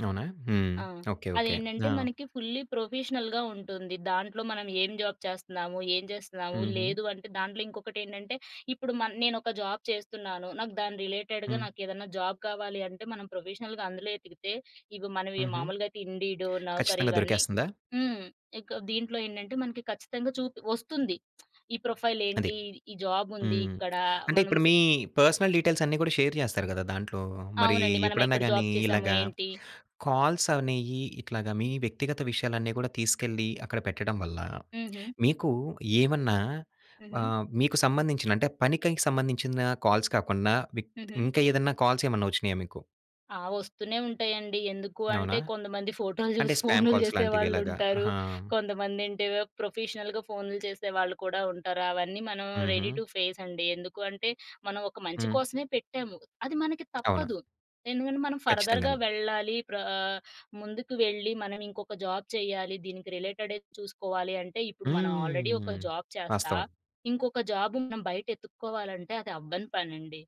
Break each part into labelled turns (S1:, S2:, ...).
S1: అవునా? హ్మ్.
S2: ఆ!
S1: ఓకే. ఓకే. ఆ!
S2: అదేంటంటే మనకి ఫుల్లీ ప్రొఫెషనల్‌గా ఉంటుంది. దాంట్లో మనం ఏం జాబ్ చేస్తన్నాము? ఏం చేస్తున్నాము?
S1: హుహు.
S2: లేదు అంటే దాంట్లో ఇంకొకటేంటంటే ఇప్పుడు మన్ నేనొక జాబ్ చేస్తున్నాను. నాకు దాని రిలేటెడ్‌గా
S1: హ్మ్.
S2: నాకు ఏదన్నా జాబ్ కావాలి అంటే మనం ప్రొఫెషనల్‌గా అందులో ఎతికితే ఇవి మనవి
S1: హుహు.
S2: మామూలుగా అయితే ఇండీడో, నౌకరీ
S1: ఖచ్చితంగా
S2: ఇవన్నీ
S1: దొరికేస్తందా?
S2: హ్మ్. ఇక దీంట్లో ఏంటంటే మనకి ఖచ్చితంగా చూపి ఒస్తుంది. ఈ ప్రొఫైల్
S1: అది.
S2: ఏంటి? ఈ జాబ్ ఉంది
S1: హ్మ్.
S2: ఇక్కడ.
S1: అంటే
S2: మనం
S1: ఇప్పుడు
S2: సే
S1: మీ పర్సనల్ డీటెయిల్స్ అన్ని కూడా షేర్ చేస్తారు కదా! దాంట్లో. మరి
S2: అవునండి. మనం
S1: ఎప్పుడైనా
S2: ఎక్కడ
S1: గాని
S2: జాబ్ చేసాము.
S1: ఇలాగా
S2: ఏంటి?
S1: కాల్స్ అనేయి ఇట్లాగ మీ వ్యక్తిగత విషయాలన్నీ కూడా తీసుకెళ్లి అక్కడ పెట్టడం వల్ల
S2: హుహు.
S1: మీకు ఏమన్నా
S2: హుహు.
S1: ఆహ్, మీకు సంబంధించిన అంటే పనికి సంబంధించిన కాల్స్ కాకుండా విక్ త్
S2: హుహు.
S1: ఇంకేదన్న కాల్స్ ఏమైనా వచ్చినయ మీకు?
S2: ఆ! ఒస్తూనే ఉంటాయండి. ఎందుకు అంటే
S1: అవునా?
S2: కొంతమంది ఫోటోలు
S1: అంటే
S2: చూసి
S1: స్పామ్
S2: ఫోనులు
S1: కాల్స్ లాంటివి ఇలాగా?
S2: చేసేవాళ్ళుంటారు.
S1: ఆహా!
S2: కొంతమంది అంటే ప్రొఫెషనల్‌గా ఫోనులు చేసేవాళ్ళు కూడా ఉంటారు. అవన్నీ మనం రెడీ
S1: హుహు.
S2: టు ఫేస్ అండి. ఎందుకంటే మనం ఒక మంచి
S1: హ్మ్.
S2: కోసమే పెట్టాము. అది మనకి
S1: అవును.
S2: తప్పదు. ఎందుకంటే మనం ఫర్‌ధర్‌గా
S1: కచ్చితంగాను.
S2: వెళ్ళాలి. ప్ర ఆహ్, ముందుకు వెళ్ళి మనం ఇంకొక జాబ్ చేయ్యాలి. దీనికి రిలేటెడే చూసుకోవాలి అంటే ఇప్పుడు మనం ఆల్‌రెడీ ఒక
S1: హ్మ్.
S2: జాబ్ చేస్తా,
S1: వాస్తవం.
S2: ఇంకొక జాబ్ మనం బయట ఎత్తుక్కోవాలంటే అది అవ్వని పనండి.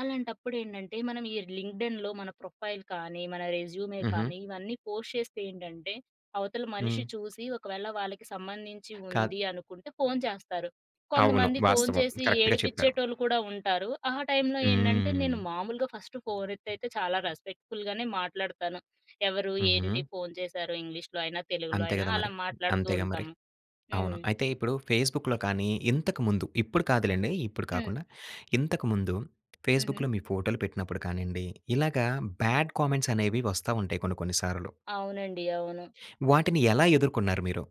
S2: అలాంటప్పుడు ఏంటంటే మనం ఈ లింక్డ్‌ఇన్‌లో మన ప్రొఫైల్ కానీ, మన రెజ్యూమే
S1: హుహు.
S2: కానీ, ఇవన్నీ పోస్ట్ చేస్తే ఏంటంటే అవతల మనిషి
S1: హ్మ్.
S2: చూసి, ఒకవేళ వాళ్ళకి సంబంధించి
S1: కాద్
S2: ఉంది అనుకుంటే ఫోను చేస్తారు.
S1: అవును.
S2: కొంతమంది ఫోను
S1: వాస్తవం.
S2: చేసి,
S1: కరెక్ట్‌గా చెప్పారు.
S2: ఏడిపించేటోళ్ళు కూడా ఉంటారు. ఆ టైంలో ఏంటంటే నేను
S1: హ్మ్.
S2: మామూలుగా ఫస్ట్ ఫోను ఎత్తేతే చాలా రెస్పెక్ట్‌ఫుల్‌ గానే మాట్లాడతాను. ఎవరు? ఏంటి?
S1: హుహు.
S2: ఫోను చేశారు.ఇంగ్లీష్‌లో అయినా తెలుగులో
S1: అంతే
S2: అయినా
S1: కదా!
S2: అలా
S1: మరి.
S2: మాట్లాడుతూ
S1: అంతేగా! మరి.
S2: ఉంటాము.
S1: అవును.
S2: హ్మ్.
S1: అయితే ఇప్పుడు ఫేస్‌బుక్‌లో కానీ ఇంతకు ముందు ఇప్పుడు కాదులెండి. ఇప్పుడు
S2: హ్మ్.
S1: కాకుండా ఇంతకు ముందు
S2: హుహు.
S1: ఫేస్‌బుక్‌లో మీ ఫోటోలు పెట్టినప్పుడు కానిండి. ఇలాగా బాడ్ కామెంట్స్ అనేవి వస్తా ఉంటాయి కొన్ని కొన్నిసార్లు.
S2: అవునండి. అవును.
S1: వాటిని ఎలా ఎదుర్కున్నారు మీరు?